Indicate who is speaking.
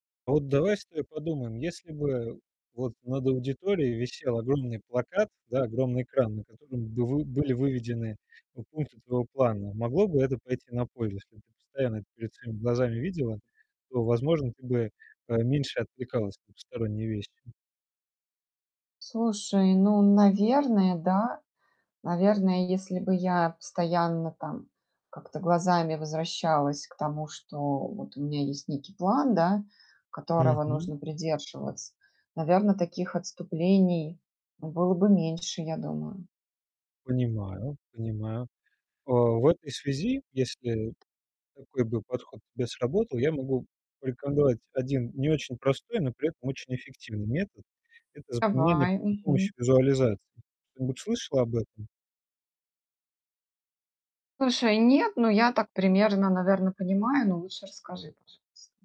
Speaker 1: А вот давай с тобой подумаем, если бы вот над аудиторией висел огромный плакат, да, огромный экран, на котором бы вы были выведены пу пункты твоего плана, могло бы это пойти на пользу? Если б ты постоянно это перед своими глазами видела, то, возможно, ты бы поменьше отвлекалась на посторонние вещи.
Speaker 2: Слушай, ну, наверное, да. Наверное, если бы я постоянно, там, как-то глазами возвращалась к тому, что вот у меня есть некий план, да, которого
Speaker 1: Мгм.
Speaker 2: нужно придерживаться, наверно, таких отступлений, ну, было бы меньше, я думаю.
Speaker 1: Понимаю, понимаю, а. В этой связи, если такой бы подход к тебе сработал, я могу порекомендовать один не очень простой, но при этом очень эффективный метод. Это запоминание
Speaker 2: Давай.
Speaker 1: при помощи
Speaker 2: Мгм.
Speaker 1: визуализации. Что-нибудь слышала об этом?
Speaker 2: Слушай, нет, но я так примерно, наверно, понимаю. Но лучше расскажи, пожалуйста.